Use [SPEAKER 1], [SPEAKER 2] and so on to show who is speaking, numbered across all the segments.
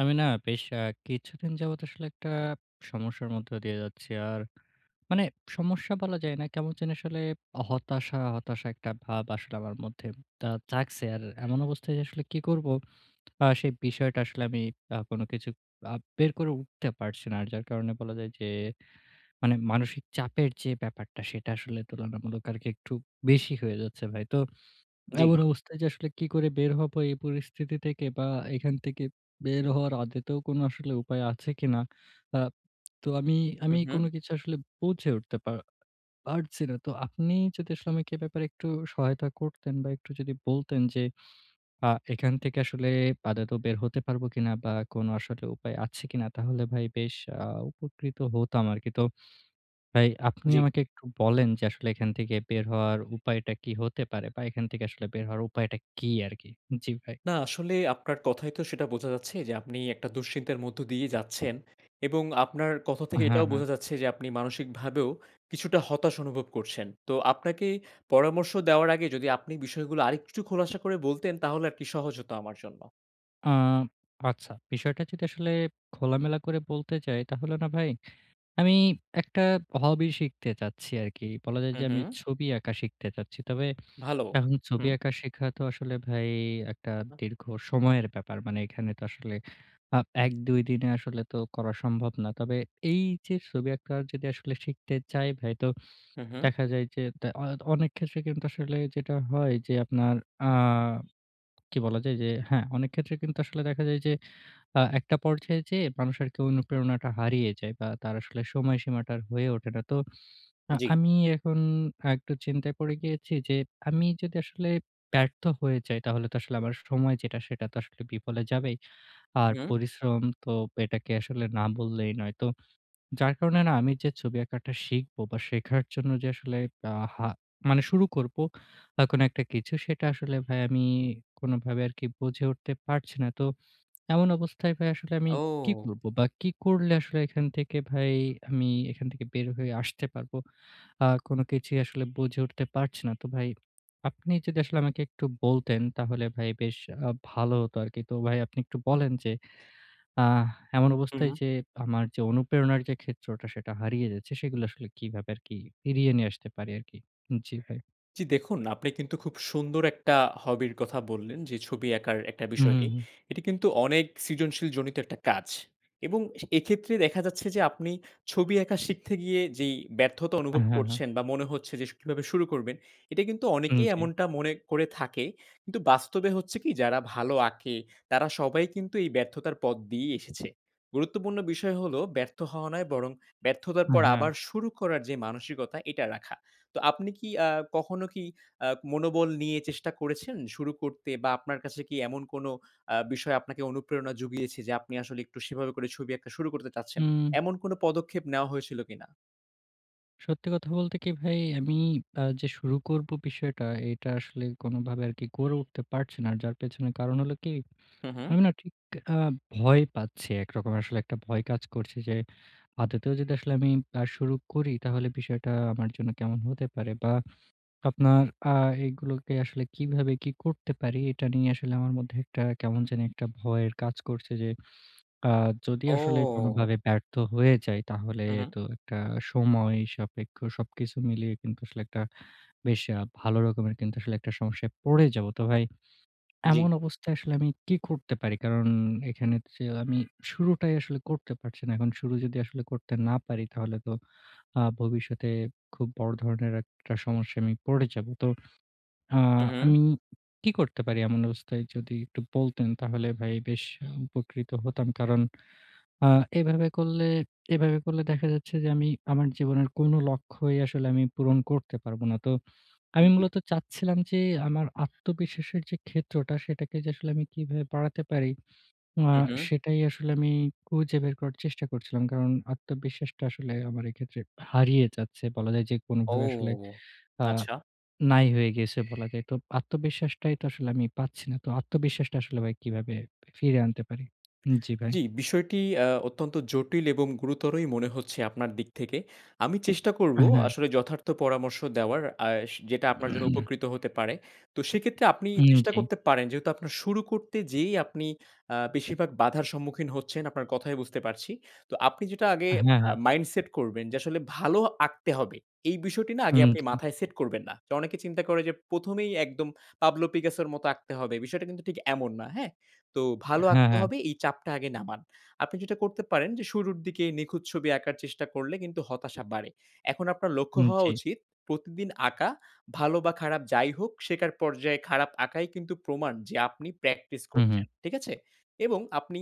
[SPEAKER 1] আমি না বেশ অ্যা কিছুদিন যাবত আসলে একটা সমস্যার মধ্যে দিয়ে যাচ্ছি। আর মানে সমস্যা বলা যায় না। কেমন যেন আসলে হতাশা, হতাশা একটা ভাব আসলে আমার মধ্যে দা জাগছে। আর এমন অবস্থায় আসলে কি করবো? অ্যা সেই বিষয়টা আসলে আমি অ্যা কোন কিছু আ বের করে উঠতে পারছি না। আর যার কারণে বলা যায় যে মানে মানসিক চাপের যে ব্যাপারটা সেটা আসলে তুলনামূলক আরকি একটু বেশি হয়ে যাচ্ছে ভাই। তো
[SPEAKER 2] জি।
[SPEAKER 1] এমন অবস্থায় যে আসলে কি করে বের হব এই পরিস্থিতি থেকে? বা এখান থেকে বের হওয়ার আদতেও কোন আসলে উপায় আছে কিনা? অ্যাপ তো আমি
[SPEAKER 2] হু,
[SPEAKER 1] আমি কোন
[SPEAKER 2] হু।
[SPEAKER 1] কিছু আসলে বুঝে উঠতে পা পারছি না। তো আপনি যদি আসলে আমাকে এ ব্যাপারে একটু সহায়তা করতেন বা একটু যদি বলতেন যে আ এখান থেকে আসলে আদতেও বের হতে পারব কিনা? বা কোন আসলে উপায় আছে কিনা? তাহলে ভাই বেশ আ উপকৃত হতাম আরকি। তো ভাই, আপনি
[SPEAKER 2] জি।
[SPEAKER 1] আমাকে একটু বলেন যে, আসলে এখান থেকে বের হওয়ার উপায়টা কি হতে পারে? বা এখান থেকে আসলে বের হওয়ার উপায়টা কি আরকি? জি ভাই।
[SPEAKER 2] না আসলেই আপনার কথায় তো সেটা বোঝা যাচ্ছে যে, আপনি একটা দুশ্চিন্তার মধ্য দিয়েই যাচ্ছেন। এবং আপনার কথা থেকে
[SPEAKER 1] হ্যাঁ,
[SPEAKER 2] এটাও
[SPEAKER 1] হ্যাঁ।
[SPEAKER 2] বোঝা যাচ্ছে যে আপনি মানসিক ভাবেও কিছুটা হতাশ অনুভব করছেন। তো আপনাকে পরামর্শ দেওয়ার আগে যদি আপনি বিষয়গুলো আরেকটু খোলাসা করে বলতেন তাহলে আর কি সহজ হতো আমার জন্য।
[SPEAKER 1] আ আচ্ছা, বিষয়টা যদি আসলে খোলামেলা করে বলতে চাই, তাহলে না ভাই, আমি একটা hobby শিখতে চাচ্ছি আরকি। বলা যায়
[SPEAKER 2] হুম,
[SPEAKER 1] যে আমি
[SPEAKER 2] হুম।
[SPEAKER 1] ছবি আঁকা শিখতে চাচ্ছি। তবে
[SPEAKER 2] ভালো,
[SPEAKER 1] এখন ছবি
[SPEAKER 2] হুম।
[SPEAKER 1] আঁকা শিখা তো আসলে ভাই একটা দীর্ঘ সময়ের ব্যাপার। মানে এখানে তো আসলে আপ ১ ২ দিনে আসলে তো করা সম্ভব না। তবে এই যে ছবি আঁকা যদি আসলে শিখতে চাই ভাই তো
[SPEAKER 2] হুম, হুম।
[SPEAKER 1] দেখা যায় যে তা অ অনেক ক্ষেত্রে কিন্তু আসলে যেটা হয় যে আপনার আ কি বলা যায় যে হ্যাঁ, অনেক ক্ষেত্রে কিন্তু আসলে দেখা যায় যে আ একটা পর্যায়ে যেয়ে মানুষ আরকি অনুপ্রেরণাটা হারিয়ে যায় বা তার আসলে সময়সীমাটা আর হয়ে ওঠে না। তো আ
[SPEAKER 2] জি।
[SPEAKER 1] আমি এখন একটু চিন্তায় পরে গিয়েছি যে আমি যদি আসলে ব্যর্থ হয়ে যাই তাহলে তো আসলে আমার স সময় যেটা সেটা তো আসলে বিফলে যাবেই। আর
[SPEAKER 2] হু, হুম।
[SPEAKER 1] পরিশ্রম তো এটাকে আসলে না বললেই নয়। তো যার কারণে না আমি যে ছবি আঁকাটা শিখব বা শেখার জন্য যে আসলে আ হা মানে শুরু করব আ কোন একটা কিছু সেটা আসলে ভাই আমি কোনভাবে আরকি বুঝে উঠতে পারছি না। তো এমন অবস্থায় ভাই আসলে আমি কী
[SPEAKER 2] ও।
[SPEAKER 1] করব? বা কি করলে আসলে এখান থেকে ভাই আমি এখান থেকে বের হয়ে আসতে পারব? আ কোন কিছুই আসলে বুঝে উঠতে পারছি না। তো ভাই আপনি যদি আসলে আমাকে একটু বলতেন তাহলে ভাই বেশ আ ভালো হতো আরকি। তো ভাই আপনি একটু বলেন যে আ এমন
[SPEAKER 2] হুম,
[SPEAKER 1] অবস্থায়
[SPEAKER 2] হুম।
[SPEAKER 1] যে আমার যে অনুপ্রেরণার যে ক্ষেত্রটা সেটা হারিয়ে যাচ্ছে সেগুলো আসলে কিভাবে আরকি ফিরিয়ে নিয়ে আসতে পারি আরকি? জি ভাই।
[SPEAKER 2] জি, দেখুন আপনি কিন্তু খুব সুন্দর একটা hobby 'র কথা বললেন যে ছবি আঁকার একটা
[SPEAKER 1] হুম, হুম,
[SPEAKER 2] বিষয়টি।
[SPEAKER 1] হুম।
[SPEAKER 2] এটি কিন্তু অনেক সৃজনশীল জনিত একটা কাজ এবং এক্ষেত্রে দেখা যাচ্ছে যে আপনি ছবি আঁকা শিখতে গিয়ে যেই ব্যর্থতা অনুভব
[SPEAKER 1] অ্যাহ, হ্যাঁ, হ্যাঁ।
[SPEAKER 2] করছেন বা মনে হচ্ছে যে শু কিভাবে শুরু করবেন এটা কিন্তু
[SPEAKER 1] হুম,
[SPEAKER 2] অনেকেই
[SPEAKER 1] জি।
[SPEAKER 2] এমনটা মনে করে থাকে কিন্তু বাস্তবে হচ্ছে কি যারা ভালো আঁকে, তারা সবাই কিন্তু এই ব্যর্থতার পথ দিয়েই এসেছে। গুরুত্বপূর্ণ বিষয় হলো ব্যর্থ হওয়া নয় বরং ব্যর্থতার
[SPEAKER 1] অ্যা
[SPEAKER 2] পর
[SPEAKER 1] হ্যাঁ।
[SPEAKER 2] আবার শুরু করার যে মানসিকতা এটা রাখা। তো আপনি কি অ্যা কখনো কি আ মনোবল নিয়ে চেষ্টা করেছেন শুরু করতে বা আপনার কাছে কি এমন কোন অ্যা বিষয় আপনাকে অনুপ্রেরণা জুগিয়েছে যে আপনি আসলে একটু সেভাবে করে ছবি আঁকা শুরু করতে চাচ্ছেন?
[SPEAKER 1] উম।
[SPEAKER 2] এমন কোন পদক্ষেপ নেওয়া হয়েছিল কিনা?
[SPEAKER 1] সত্যি কথা বলতে কি ভাই, আমি আ যে শুরু করবো বিষয়টা, এটা আসলে কোনোভাবে আরকি করে উঠতে পারছি না। যার পেছনের কারণ হলো কি?
[SPEAKER 2] হুম, হুম।
[SPEAKER 1] আমি না ঠিক আ ভয় পাচ্ছি একরকম, আসলে একটা ভয় কাজ করছে যে, আদৌতেও যদি আসলে আমি আ শুরু করি তাহলে বিষয়টা আমার জন্য কেমন হতে পারে? বা আপনার আ এগুলোকে আসলে কীভাবে কি করতে পারি? এটা নিয়ে আসলে আমার মধ্যে একটা কেমন জানি একটা ভয়ের কাজ করছে, যে আ যদি আসলে
[SPEAKER 2] ও!
[SPEAKER 1] কোনোভাবে ব্যর্থ হয়ে যাই? তাহলে
[SPEAKER 2] হু, হু।
[SPEAKER 1] তো একটা সময় সাপেক্ষ সবকিছু মিলিয়ে কিন্তু আসলে একটা বেশ আ ভালো রকমের কিন্তু একটা সমস্যায় পড়ে যাবো। তো ভাই,
[SPEAKER 2] জ্বি।
[SPEAKER 1] এমন অবস্থায় আসলে আমি কী করতে পারি? কারণ এখানে হচ্ছে আমি শুরুটাই আসলে করতে পারছি না, এখন শুরু যদি আসলে করতে না পারি তাহলে তো আ ভবিষ্যতে খুব বড় ধরনের একটা সমস্যায় আমি পড়ে যাবো। তো আ
[SPEAKER 2] হুম, হুম।
[SPEAKER 1] আমি কি করতে পারি এমন অবস্থায়? যদি একটু বলতেন তাহলে ভাই বেশ উপকৃত হতাম। কারণ আ এভাবে করলে এভাবে করলে দেখা যাচ্ছে যে, আমি আমার জীবনের কোনো লক্ষ্যই আসলে আমি পূরণ করতে পারবো না। তো আমি
[SPEAKER 2] জ্বি।
[SPEAKER 1] মূলত চাচ্ছিলাম যে আমার আত্মবিশ্বাসের যে ক্ষেত্রটা সেটাকে যে আসলে আমি কিভাবে বাড়াতে পারি আ
[SPEAKER 2] হু, হু।
[SPEAKER 1] সেটাই আসলে আমি খুঁজে বের করার চেষ্টা করছিলাম। কারণ আত্মবিশ্বাসটা আসলে আমার এক্ষেত্রে হারিয়ে যাচ্ছে। বলা যায় যে
[SPEAKER 2] ও!
[SPEAKER 1] কোনোভাবে আসলে আ
[SPEAKER 2] আচ্ছা।
[SPEAKER 1] নাই হয়ে গেছে বলা যায়। তো আত্মবিশ্বাসটাই তো আসলে আমি পাচ্ছি না। তো আত্মবিশ্বাসটা আসলে ভাই কিভাবে ফিরিয়ে আনতে পারি? জ্বি ভাই।
[SPEAKER 2] জ্বি, বিষয়টি অ্যা অত্যন্ত জটিল এবং গুরুতরই মনে হচ্ছে আপনার দিক থেকে। আমি চেষ্টা করবো
[SPEAKER 1] হ্যাঁ।
[SPEAKER 2] আসলে যথার্থ পরামর্শ দেওয়ার আর সে যেটা আপনার জন্য উপকৃত হতে পারে। তো সেক্ষেত্রে আপনি
[SPEAKER 1] হুম,
[SPEAKER 2] চেষ্টা
[SPEAKER 1] জ্বি।
[SPEAKER 2] করতে পারেন যেহেতু আপনার শুরু করতে যেয়েই আপনি আ বেশিরভাগ বাধার সম্মুখীন হচ্ছেন আপনার কথায় বুঝতে পারছি। তো আপনি যেটা আগে
[SPEAKER 1] হ্যা,
[SPEAKER 2] আ
[SPEAKER 1] হ্যা।
[SPEAKER 2] মাইন্ড সেট করবেন যে আসলে ভালো আঁকতে হবে, এই বিষয়টি না আগে
[SPEAKER 1] হুম,
[SPEAKER 2] আপনি
[SPEAKER 1] জি।
[SPEAKER 2] মাথায় সেট করবেন না। অনেকে চিন্তা করে যে ১ম এই একদম পাবলো পিকাসের মত আঁকতে হবে, বিষয়টা কিন্তু ঠিক এমন না, হ্যাঁ? তো ভালো
[SPEAKER 1] হ্যা,
[SPEAKER 2] আঁকতে
[SPEAKER 1] হ্যা।
[SPEAKER 2] হবে এই চাপটা আগে নামান। আপনি যেটা করতে পারেন যে শুরুর দিকে নিখুঁত ছবি আঁকার চেষ্টা করলে কিন্তু হতাশা বাড়ে। এখন আপনার লক্ষ্য
[SPEAKER 1] হুম,
[SPEAKER 2] হওয়া
[SPEAKER 1] জ্বি।
[SPEAKER 2] উচিত প্রতিদিন আঁকা, ভালো বা খারাপ যাই হোক শেখার পর্যায়ে খারাপ আঁকাই কিন্তু প্রমাণ যে আপনি প্র্যাকটিস
[SPEAKER 1] হু, হু।
[SPEAKER 2] করছেন, ঠিক আছে? এবং আপনি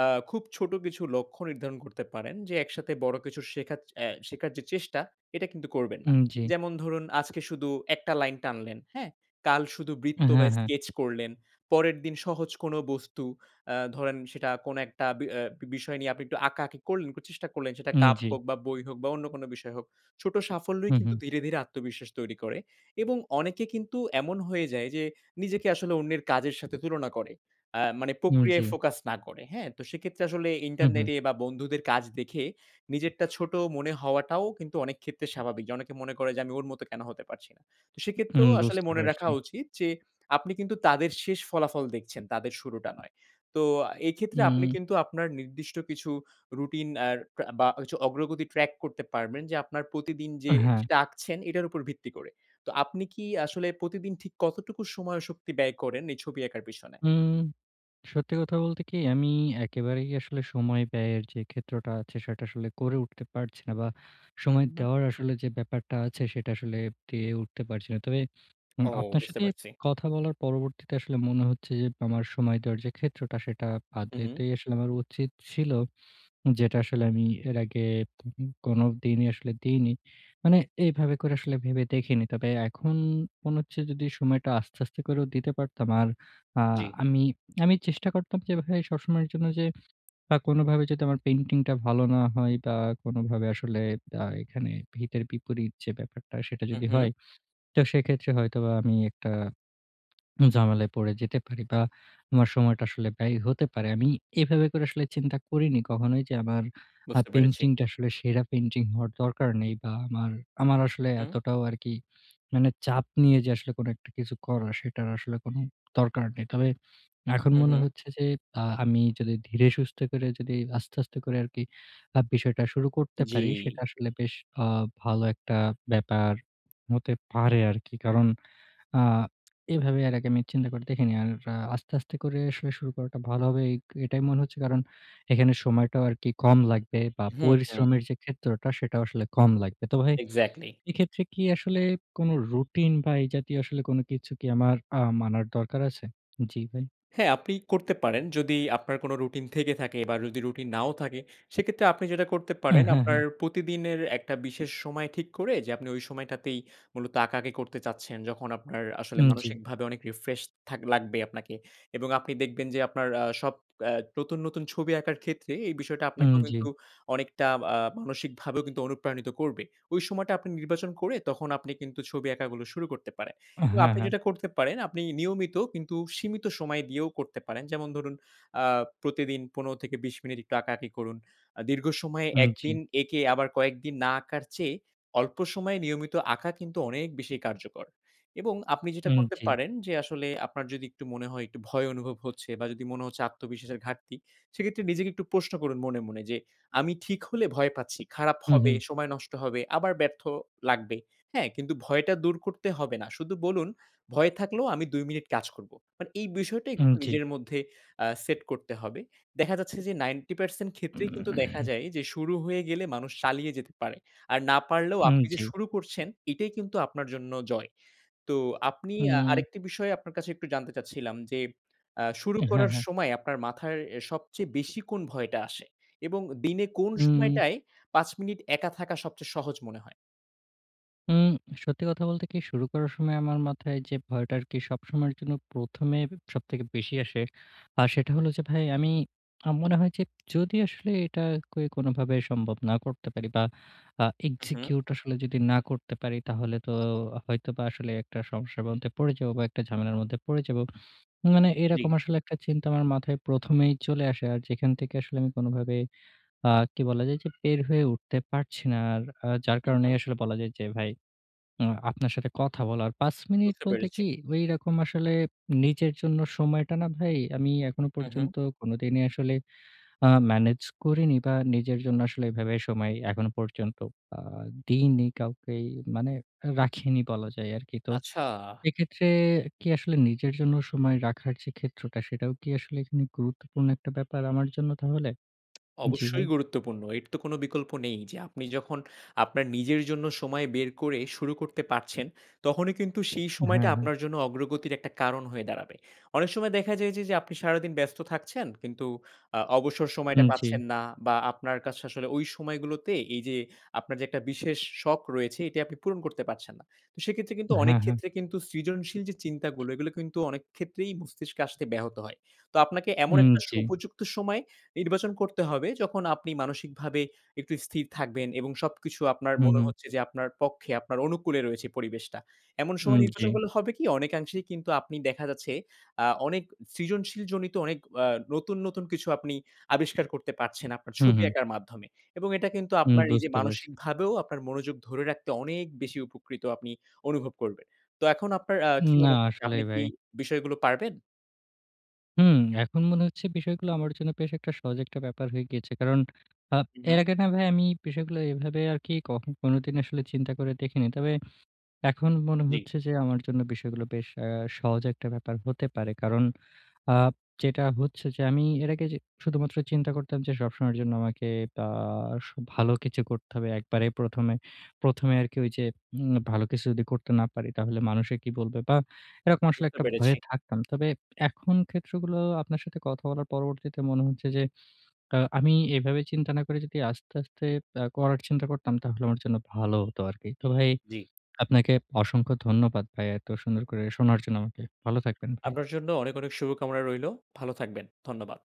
[SPEAKER 2] আ খুব ছোট কিছু লক্ষ্য নির্ধারণ করতে পারেন যে একসাথে বড় কিছু শেখারচে অ্যা শেখার যে চেষ্টা? এটা কিন্তু করবেন না।
[SPEAKER 1] উম, জ্বি।
[SPEAKER 2] যেমন ধরুন আজকে শুধু ১ টা লাইন টানলেন, হ্যাঁ? কাল শুধু
[SPEAKER 1] হ্যা,
[SPEAKER 2] বৃত্ত বা
[SPEAKER 1] হ্যা।
[SPEAKER 2] স্কেচ করলেন, পরের দিন সহজ কোনো বস্তু অ্যা ধরেন সেটা কোনো একটা বি অ্যা বিষয় নিয়ে আপনি একটু আঁকাআঁকি করলেন, চেষ্টা করলেন সেটা
[SPEAKER 1] উম,
[SPEAKER 2] কাপ
[SPEAKER 1] জ্বি।
[SPEAKER 2] হোক বা বই হোক বা অন্য কোনো বিষয় হোক। ছোট সাফল্যই
[SPEAKER 1] হু,
[SPEAKER 2] কিন্তু
[SPEAKER 1] হু।
[SPEAKER 2] ধীরে, ধীরে আত্মবিশ্বাস তৈরি করে এবং অনেকে কিন্তু এমন হয়ে যায় যে, নিজেকে আসলে অন্যের কাজের সাথে তুলনা করে। অ্যা মানে
[SPEAKER 1] উম,
[SPEAKER 2] প্রক্রিয়ায়
[SPEAKER 1] জ্বি।
[SPEAKER 2] ফোকাস না করে, হ্যাঁ? তো সেক্ষেত্রে আসলে
[SPEAKER 1] হু, হু।
[SPEAKER 2] ইন্টারনেটে বা বন্ধুদের কাজ দেখে নিজেরটা ছোট মনে হওয়াটাও কিন্তু অনেক ক্ষেত্রে স্বাভাবিক। যে অনেকে মনে করে যে আমি ওর মতো কেনো হতে পারছি না? তো
[SPEAKER 1] উম,
[SPEAKER 2] সেক্ষেত্রেও আসলে
[SPEAKER 1] বুঝতে
[SPEAKER 2] মনে
[SPEAKER 1] পারছি।
[SPEAKER 2] রাখা উচিত যে আপনি কিন্তু তাদের শেষ ফলাফল দেখছেন, তাদের শুরুটা নয়। তো এক্ষেত্রে আপনি
[SPEAKER 1] হুম।
[SPEAKER 2] কিন্তু আপনার নির্দিষ্ট কিছু রুটিন আর প্রা বা হচ্ছে অগ্রগতি ট্রাক করতে পারবেন যে আপনার প্রতিদিন যে
[SPEAKER 1] হ্যা।
[SPEAKER 2] যেটা আঁকছেন এটার উপর ভিত্তি করে। তো আপনি কি আসলে প্রতিদিন ঠিক কতটুকু সময়, শক্তি ব্যয় করেন এই ছবি আঁকার পেছনে?
[SPEAKER 1] উম সত্যি কথা বলতে কি? আমি একেবারেই আসলে সময় ব্যয়ের যে ক্ষেত্রটা আছে সেটা আসলে করে উঠতে পারছি না বা
[SPEAKER 2] হুম,
[SPEAKER 1] সময়
[SPEAKER 2] হুম।
[SPEAKER 1] দেওয়ার আসলে যে ব্যাপারটা আছে সেটা আসলে পেরে উঠতে পারছি না। তবে উম
[SPEAKER 2] ও
[SPEAKER 1] আপনার
[SPEAKER 2] বুঝতে
[SPEAKER 1] সাথে
[SPEAKER 2] পারছি।
[SPEAKER 1] কথা বলার পরবর্তীতে আসলে মনে হচ্ছে যে আমার সময় দেওয়ার যে ক্ষেত্রটা সেটা
[SPEAKER 2] হু, হু।
[SPEAKER 1] আদৌতেই আসলে আমার উচিত ছিল। যেটা আসলে আমি এর আগে কোনোদিনই আসলে দিইনি, মানে এভাবে করে আসলে ভেবে দেখিনি। তবে এখন মনে হচ্ছে যদি সময়টা আস্তে, আস্তে করেও দিতে পারতাম আর আ
[SPEAKER 2] জ্বি।
[SPEAKER 1] আমি আমি চেষ্টা করতাম যেভাবে সবসময়ের জন্য যে বা কোনোভাবে যদি আমার পেইন্টিংটা ভালো না হয় বা কোনোভাবে আসলে আ এখানে হিতের বিপরীত যে ব্যাপারটা সেটা
[SPEAKER 2] হু,
[SPEAKER 1] যদি
[SPEAKER 2] হু।
[SPEAKER 1] হয়, তো সেক্ষেত্রে হয়তোবা আমি একটা ঝামেলায় পড়ে যেতে পারি বা আমার সময়টা আসলে ব্যয় হতে পারে। আমি এভাবে করে আসলে চিন্তা করিনি কখনোই যে আবার আ
[SPEAKER 2] বুঝতে পেরেছি।
[SPEAKER 1] পেইন্টিংটা আসলে সেরা পেইন্টিং হওয়ার দরকার নেই বা আমার আমার আসলে
[SPEAKER 2] হু, হু।
[SPEAKER 1] এতটাও আরকি মানে চাপ নিয়ে যে আসলে কোনো একটা কিছু করার সেটার আসলে কোনো দরকার নেই। তবে এখন
[SPEAKER 2] হু,
[SPEAKER 1] মনে
[SPEAKER 2] হু।
[SPEAKER 1] হচ্ছে যে আ আমি যদি ধীরে-সুস্থে করে যদি আস্তে, আস্তে করে আরকি আ বিষয়টা শুরু করতে পারি, সেটা
[SPEAKER 2] জ্বি।
[SPEAKER 1] আসলে বেশ আ ভালো একটা ব্যাপার হতে পারে আরকি। কারণ আ এভাবে এর আগে আমি চিন্তা করে দেখিনি। আর আ আস্তে, আস্তে করে আসলে শুরু করাটা ভালো হবে, এইক এটাই মনে হচ্ছে। কারণ এখানে সময়টাও আরকি কম লাগবে বা
[SPEAKER 2] হুম, হুম।
[SPEAKER 1] পরিশ্রমের যে ক্ষেত্রটা সেটাও আসলে কম লাগবে। তো ভাই,
[SPEAKER 2] এক্সাক্টলি।
[SPEAKER 1] এক্ষেত্রে কি আসলে কোনো রুটিন বা এই জাতীয় আসলে কোনো কিছু কি আমার আ মানার দরকার আছে? জি ভাই।
[SPEAKER 2] হ্যা, আপনি করতে পারেন, যদি আপনার কোনো রুটিন থেকে থাকে বা যদি রুটিন নাও থাকে, সেক্ষেত্রে আপনি যেটা করতে
[SPEAKER 1] উ
[SPEAKER 2] পারেন
[SPEAKER 1] হু,
[SPEAKER 2] আপনার
[SPEAKER 1] হু।
[SPEAKER 2] প্রতিদিনের একটা বিশেষ সময় ঠিক করে যে আপনি ওই সময়টাতেই মূলত আঁকাআঁকি করতে চাচ্ছেন, যখন আপনার আসলে
[SPEAKER 1] উম, জ্বি।
[SPEAKER 2] মানসিকভাবে অনেক রিফ্রেশ থাক লাগবে আপনাকে। এবং আপনি দেখবেন যে আপনার আ সব এ্যা নতুন, নতুন ছবি আঁকার ক্ষেত্রে এই বিষয়টা
[SPEAKER 1] উম,
[SPEAKER 2] আপনাকেও
[SPEAKER 1] জ্বি।
[SPEAKER 2] কিন্তু অনেকটা আ মানসিকভাবেও কিন্তু অনুপ্রাণিত করবে। ওই সময়টা আপনি নির্বাচন করে তখন আপনি কিন্তু ছবি আঁকাগুলো শুরু করতে পারেন।
[SPEAKER 1] হ্যা,
[SPEAKER 2] এবং আপনি
[SPEAKER 1] হ্যা।
[SPEAKER 2] যেটা করতে পারেন আপনি নিয়মিত কিন্তু সীমিত সময় দিয়েও করতে পারেন। যেমন ধরুন আ প্রতিদিন ১৫-২০ মিনিট একটু আঁকাআঁকি করুন। আ দীর্ঘ সময়
[SPEAKER 1] উম,
[SPEAKER 2] ১
[SPEAKER 1] জ্বি।
[SPEAKER 2] দিন এঁকে আবার কয়েকদিন না আঁকার চেয়ে অল্প সময়ে নিয়মিত আঁকা কিন্তু অনেক বেশি কার্যকর এবং আপনি যেটা
[SPEAKER 1] উম,
[SPEAKER 2] করতে
[SPEAKER 1] জ্বি।
[SPEAKER 2] পারেন, যে আসলে আপনার যদি একটু মনে হয় একটু ভয় অনুভব হচ্ছে বা যদি মনে হচ্ছে আত্মবিশ্বাসের ঘাটতি, সেক্ষেত্রে নিজেকে একটু প্রশ্ন করুন মনে, মনে যে, "আমি ঠিক হলে ভয় পাচ্ছি। খারাপ
[SPEAKER 1] হু,
[SPEAKER 2] হবে,
[SPEAKER 1] হু।
[SPEAKER 2] সময় নষ্ট হবে, আবার ব্যর্থ লাগবে।" হ্যাঁ? কিন্তু ভয়টা দূর করতে হবে না। শুধু বলুন, "ভয় থাকলেও আমি ২ মিনিট কাজ করবো।" মানে এই বিষয়টা
[SPEAKER 1] উম,
[SPEAKER 2] একটু
[SPEAKER 1] জ্বি।
[SPEAKER 2] নিজের মধ্যে আ সেট করতে হবে। দেখা যাচ্ছে যে 90% ক্ষেত্রেই কিন্তু দেখা যায় যে, শুরু হয়ে গেলে মানুষ চালিয়ে যেতে পারে, আর না পারলেও
[SPEAKER 1] উম,
[SPEAKER 2] আপনি যে
[SPEAKER 1] জ্বি।
[SPEAKER 2] শুরু করছেন এটাই কিন্তু আপনার জন্য জয়। তো আপনি আ
[SPEAKER 1] হুম।
[SPEAKER 2] আরেকটি বিষয় আপনার কাছে একটু জানতে চাচ্ছিলাম যে আ শুরু
[SPEAKER 1] হ্যা,
[SPEAKER 2] করার
[SPEAKER 1] হ্যা।
[SPEAKER 2] সময় আপনার মাথার এ সবচেয়ে বেশি কোন ভয়টা আসে এবং দিনে কোন
[SPEAKER 1] উম।
[SPEAKER 2] সময়টায় ৫ মিনিট একা থাকা সবচেয়ে সহজ মনে হয়?
[SPEAKER 1] উম সত্যি কথা বলতে কি শুরু করার সময় আমার মাথায় যে ভয়টা আরকি সবসময়ের জন্য প্রথমে সবথেকে বেশি আসে। আ সেটা হল যে ভাই আমি, আমার মনে হয় যে, যদি আসলে এটা কে কোনভাবে সম্ভব না করতে পারি বা আ
[SPEAKER 2] হু, হু।
[SPEAKER 1] execute আসলে যদি না করতে পারি, তাহলে তো হয়তোবা আসলে একটা সমস্যার মধ্যে পড়ে যাব বা একটা ঝামেলার মধ্যে পড়ে যাব। মানে
[SPEAKER 2] জি।
[SPEAKER 1] এরকম আসলে একটা চিন্তা আমার মাথায় প্রথমেই চলে আসে, আর যেখান থেকে আসলে আমি কোনভাবে আ কি বলা যায় যে বের হয়ে উঠতে পারছি না। আর আ যার
[SPEAKER 2] হু,
[SPEAKER 1] কারণেই
[SPEAKER 2] হু।
[SPEAKER 1] আসলে বলা যায় যে ভাই আ আপনার সাথে কথা বলার। ৫ মিনিট
[SPEAKER 2] বুঝতে
[SPEAKER 1] বলতে
[SPEAKER 2] পেরেছি।
[SPEAKER 1] কি ওই রকম আসলে নিজের জন্য সময়টা না ভাই আমি এখনো
[SPEAKER 2] হু, হু।
[SPEAKER 1] পর্যন্ত কোনদিনই আসলে আ ম্যানেজ করিনি বা নিজের জন্য আসলে এভাবে সময় এখনো পর্যন্ত আ দিইনি কাউকেই, মানে রাখিনি বলা যায় আরকি। তো
[SPEAKER 2] আচ্ছা।
[SPEAKER 1] এক্ষেত্রে কি আসলে নিজের জন্য সময় রাখার যে ক্ষেত্রটা সেটাও কি আসলে এখানে গুরুত্বপূর্ণ একটা ব্যাপার আমার জন্য তাহলে? জি
[SPEAKER 2] অবশ্যই
[SPEAKER 1] ভাই।
[SPEAKER 2] গুরুত্বপূর্ণ। এর তো কোন বিকল্প নেই যে আপনি যখন, আপনার নিজের জন্য সময় বের করে শুরু করতে পারছেন তখনই কিন্তু সেই সময়টা
[SPEAKER 1] হ্যাঁ, হ্যাঁ।
[SPEAKER 2] আপনার জন্য অগ্রগতির একটা কারণ হয়ে দাঁড়াবে। অনেক সময় দেখা যায় যে, যে আপনি সারাদিন ব্যস্ত থাকছেন কিন্তু আ অবসর সময়টা
[SPEAKER 1] হুম, জি।
[SPEAKER 2] পাচ্ছেন না বা আপনার কাছে আসলে ওই সময়গুলোতে এই যে আপনার যে একটা বিশেষ শখ রয়েছে এটি আপনি পূরণ করতে পারছেন না। তো সেক্ষেত্রে কিন্তু অনেক
[SPEAKER 1] হ্যাঁ, হ্যাঁ।
[SPEAKER 2] ক্ষেত্রে কিন্তু সৃজনশীল যে চিন্তাগুলো এগুলো কিন্তু অনেক ক্ষেত্রেই মস্তিষ্কে আসতে ব্যাহত হয়। তো আপনাকে এমন
[SPEAKER 1] উম,
[SPEAKER 2] একটা
[SPEAKER 1] জি।
[SPEAKER 2] উপযুক্ত সময় নির্বাচন করতে হবে, যখন আপনি মানসিকভাবে একটু স্থির থাকবেন এবং সবকিছু আপনার
[SPEAKER 1] হু,
[SPEAKER 2] মনে
[SPEAKER 1] হু।
[SPEAKER 2] হচ্ছে যে আপনার পক্ষে আপনার অনুকূলে রয়েছে পরিবেশটা। এমন
[SPEAKER 1] উম,
[SPEAKER 2] সময়
[SPEAKER 1] জি।
[SPEAKER 2] নির্বাচন করলে হবে কি? অনেকাংশেই কিন্তু আপনি দেখা যাচ্ছে আ অনেক সৃজনশীল জনিত অনেক আ নতুন, নতুন কিছু আপনি আবিষ্কার করতে পারছেন আপনার
[SPEAKER 1] হুম,
[SPEAKER 2] ছবি
[SPEAKER 1] হুম।
[SPEAKER 2] আঁকার মাধ্যমে। এবং এটা কিন্তু
[SPEAKER 1] উম
[SPEAKER 2] আপনার নিজে
[SPEAKER 1] বুঝতে পারছি।
[SPEAKER 2] মানসিকভাবেও আপনার মনোযোগ ধরে রাখতে অনেক বেশি উপকৃত আপনি অনুভব করবেন। তো এখন আপনার আ
[SPEAKER 1] ন
[SPEAKER 2] কি
[SPEAKER 1] না
[SPEAKER 2] মনে হচ্ছে আপনি
[SPEAKER 1] আসলেই
[SPEAKER 2] কি
[SPEAKER 1] ভাই।
[SPEAKER 2] বিষয়গুলো পারবেন?
[SPEAKER 1] হুম, এখন মনে হচ্ছে বিষয়গুলো আমার জন্য বেশ একটা সহজ একটা ব্যাপার হয়ে গিয়েছে। কারণ আপ
[SPEAKER 2] হুম,
[SPEAKER 1] এর
[SPEAKER 2] হুম।
[SPEAKER 1] আগে না ভাই আমি বিষয়গুলো এভাবে আর কি কখন কোনদিনও আসলে চিন্তা করে দেখিনি। তবে এখন মনে
[SPEAKER 2] জি।
[SPEAKER 1] হচ্ছে যে আমার জন্য বিষয়গুলো বেশ অ্যা সহজ একটা ব্যাপার হতে পারে। কারণ আপ যেটা হচ্ছে যে আমি এর আগে যে শুধুমাত্র চিন্তা করতাম যে সবসময়ের জন্য আমাকে তা আ ভালো কিছু করতে হবে একবারেই ১ম এ। ১ম এ আরকি ওই যে উম ভালো কিছু যদি করতে না পারি, তাহলে মানুষে কি বলবে? বা এরকম আসলে
[SPEAKER 2] বুঝতে
[SPEAKER 1] একটা
[SPEAKER 2] পেরেছি।
[SPEAKER 1] ভয়ে থাকতাম। তবে এখন ক্ষেত্রগুলো আপনার সাথে কথা বলার পরবর্তীতে মনে হচ্ছে যে আ আমি এভাবে চিন্তা না করে যদি আস্তে, আস্তে আ করার চিন্তা করতাম তাহলে আমার জন্য ভালো হতো আরকি। তো ভাই,
[SPEAKER 2] জি।
[SPEAKER 1] আপনাকে অসংখ্য ধন্যবাদ ভাই এত সুন্দর করে শোনার জন্য আমাকে। ভালো থাকবেন ভাই।
[SPEAKER 2] আপনার জন্য অনেক, অনেক শুভকামনা রইলো। ভালো থাকবেন। ধন্যবাদ।